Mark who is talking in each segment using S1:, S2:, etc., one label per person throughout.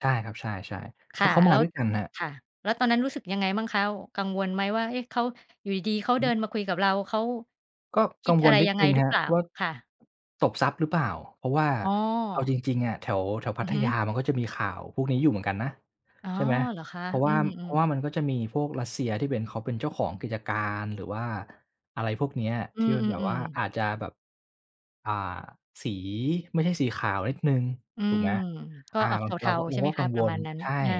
S1: ใช่ครับ ใช่ ๆ
S2: ค
S1: เข
S2: ่
S1: า
S2: ะ
S1: เขา
S2: แ
S1: ม
S2: ล้
S1: า
S2: ว
S1: ด้วยกันครับ
S2: ค่ะ แล้วตอนนั้นรู้สึกยังไงบ้างคะ? กังวลไหมว่า เอ๊ะ! เขา อยู่ดี ๆ เขา
S1: อือ
S2: เ
S1: ฮ
S2: ดิ
S1: ึ
S2: นมาคุยกับเรา เขา
S1: ก็
S2: คิ
S1: กั
S2: ด
S1: ง
S2: อ
S1: ว
S2: ะไ
S1: ล
S2: ร
S1: นิด
S2: ยังไ
S1: หน
S2: ง
S1: ึ่ง
S2: หร
S1: ค
S2: ือ
S1: ร
S2: เ
S1: ับ
S2: ปล่า?
S1: ว่า
S2: ค่ะ
S1: ตบทรัพย์หรือเปล่า เพราะว่า
S2: อ๋อ
S1: เอาจริง ๆ อะแถว แถวพ
S2: อ
S1: ั
S2: ือ
S1: ท
S2: ฮ
S1: ยา
S2: ึ
S1: มันก็จะมีข่าวพวกนี้อยู่เหมือนกันนะ
S2: อ๋อ
S1: ใช่ไหม
S2: เหรอคะ?
S1: เพราะว
S2: อื
S1: ่า เพรา
S2: ม
S1: ะว่า
S2: ๆ
S1: มันก็จะมีพวกรัสเซียที่เป็น เขาเป็นเจ้าของกิจการ หรือว่า อะไรพวกเนี้ย
S2: อื
S1: ที่มันแบบว่
S2: ม
S1: า
S2: ๆ ๆ
S1: อาจจะแบบ อ่า สีไม่ใช่สีขาวนิดหนึ่ง
S2: อื
S1: ถูก
S2: ม
S1: ไหม
S2: ก็
S1: อา
S2: ออก
S1: มั
S2: เ
S1: น เ
S2: ท
S1: รา
S2: า ๆ ใช่ไห
S1: ก
S2: ม
S1: ็
S2: ค
S1: กั
S2: ะ?
S1: ง
S2: ป
S1: ว
S2: ระม
S1: ล
S2: าณนั้น
S1: ใช่
S2: อา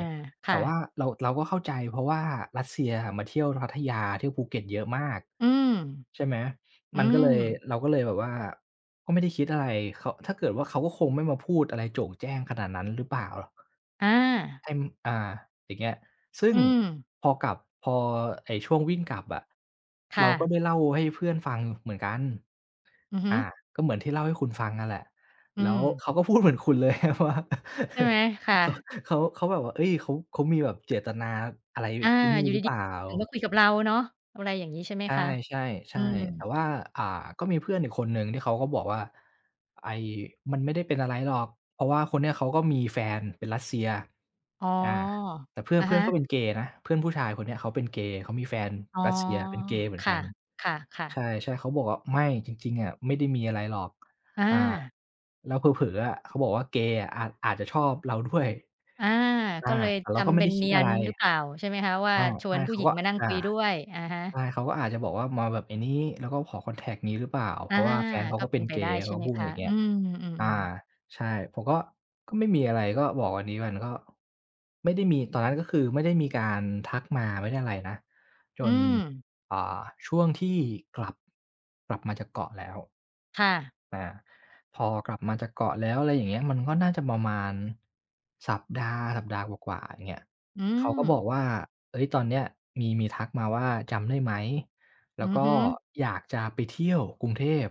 S2: ค
S1: แต่
S2: ่
S1: ว่
S2: ะ
S1: าเรา เราก็เข้าใจ เพราะว่ารัสเซียอะมาเที่ยวพัทยา เที่ยวภูเก็ตเยอะมาก
S2: อืม
S1: ใช่ไหม
S2: อื
S1: มันก็เลย
S2: ม
S1: เราก็เลยแบบว่าก็ไม่ได้คิดอะไร เขา ถ้าเกิดว่าเขาก็คงไม่มาพูดอะไรโจ่งแจ้งขนาดนั้นหรือเปล่าหรอก
S2: อา
S1: เต็ม อ่า อย่างเงี้ย ซึ่
S2: อ
S1: ง
S2: ืม
S1: พอกลับ พอไอ้ช่วงวิ่งกลับอะ
S2: ค
S1: เ
S2: ่
S1: ราก็
S2: ะ
S1: ได้เล่าให้เพื่อนฟังเหมือนกัน
S2: อือฮ
S1: อ
S2: ึ
S1: า ก็เหมือนที่เล่าให้คุณฟังน่ะแหละ
S2: อื
S1: แล้ว
S2: ม
S1: เขาก็พูดเหมือนคุณ เลยว่า
S2: ใช่ไหม? ค่
S1: เขา
S2: ะ
S1: เขา เขาแบบว่า เอ๊ย! เขา เขามีแบบเจตนาอะไร
S2: อา
S1: ไอ้นี่
S2: อยู่
S1: หรื
S2: ด
S1: อเป
S2: ี
S1: ล่า
S2: ๆ ถ้าเกิดว่าคุยกับเราเนาะ อะไรอย่างงี้ใช่ไหม
S1: ใช
S2: คะ?
S1: ่
S2: อื
S1: ๆ ๆ แต่
S2: ม
S1: ว่า อ่า ก็มีเพื่อนอีกคนหนึ่งที่เขาก็บอกว่า "ไอ้ มันไม่ได้เป็นอะไรหรอก เพราะว่าคนเนี้ยเขาก็มีแฟนเป็นรัสเซีย"
S2: อ๋อ
S1: อา แต่เพื่อ
S2: อ
S1: น
S2: ะ
S1: เพื
S2: ฮ
S1: ่อนก็
S2: ะ
S1: เป็นเกย์นะ เพื่อนผู้ชายคนเนี้ยเขาเป็นเกย์ เขามีแฟน
S2: อ๋อ
S1: รัสเซียเป็นเกย์เหมือ
S2: ค
S1: นก
S2: ่
S1: ั
S2: ะ
S1: น
S2: ค่ะ
S1: ใช
S2: ๆ
S1: ่ ๆ เขาบอกว่า "ไม่ จริง ๆ อะไม่ได้มีอะไรหรอก"
S2: อ
S1: อา
S2: า
S1: แล้วเผลอ ๆ อะ เขาบอกว่า "เกย์อะ อาจ อาจจะชอบเราด้วย"
S2: อา
S1: อ
S2: ก
S1: า
S2: ็เลย
S1: แต่เ
S2: ท
S1: ราก็ไ
S2: ำ
S1: ม
S2: เ
S1: ่
S2: ป็
S1: ได
S2: น
S1: ้ค
S2: เน
S1: ิ
S2: ี
S1: ด
S2: ย
S1: อะไ
S2: น
S1: ร
S2: หรือเปล่า ใช่ไหมคะ? ว่า
S1: อา
S2: ช
S1: ใช
S2: วน
S1: ่
S2: ผู
S1: เ
S2: ้
S1: ขา
S2: หญิง
S1: ก็
S2: มานั่ง
S1: อา
S2: คุยด้วย อะฮะ
S1: ใช่ เขาก็อาจจะบอกว่ามาแบบ ไอ้นี้ แล้วก็ขอคอนแทกต์ งี้หรือเปล่า เ
S2: อ
S1: พ
S2: า
S1: ราะว่าแฟนเขา
S2: ก็
S1: ก็
S2: เ
S1: เ
S2: ป
S1: ป็
S2: ็
S1: น
S2: นไป
S1: เก
S2: ได้
S1: ย์ เ
S2: ใ
S1: ข
S2: ช
S1: า
S2: ่
S1: ก็
S2: ไหม
S1: พูด
S2: คะ?
S1: อย่างเงี
S2: อ
S1: ้
S2: ื
S1: ย
S2: ม อื
S1: อา
S2: อ ๆ
S1: ใช่ ผมก็ ก็ไม่มีอะไร ก็บอกอันนี้มันก็ไม่ได้มี ตอนนั้นก็คือไม่ได้มีการทักมา ไม่ได้อะไรนะ จ
S2: อื
S1: น
S2: ม
S1: อ่า ช่วงที่กลับ กลับมาจากเกาะแล้ว
S2: ค่ะ
S1: อา พอกลับมาจากเกาะแล้ว อะไรอย่างเงี้ย มันก็น่าจะประมาณสัปดาห์ สัปดาห์กว่า ๆ อย่างเงี้ย
S2: อื
S1: เขาก็บอก
S2: ม
S1: ว่า เอ๊ย! ตอนเนี้ยมี มีทักมาว่า "จำได้ไหม?" แล
S2: อื
S1: ้ว
S2: อ
S1: ก็
S2: ฮึ
S1: อยากจะไปเที่ยวกรุงเทพ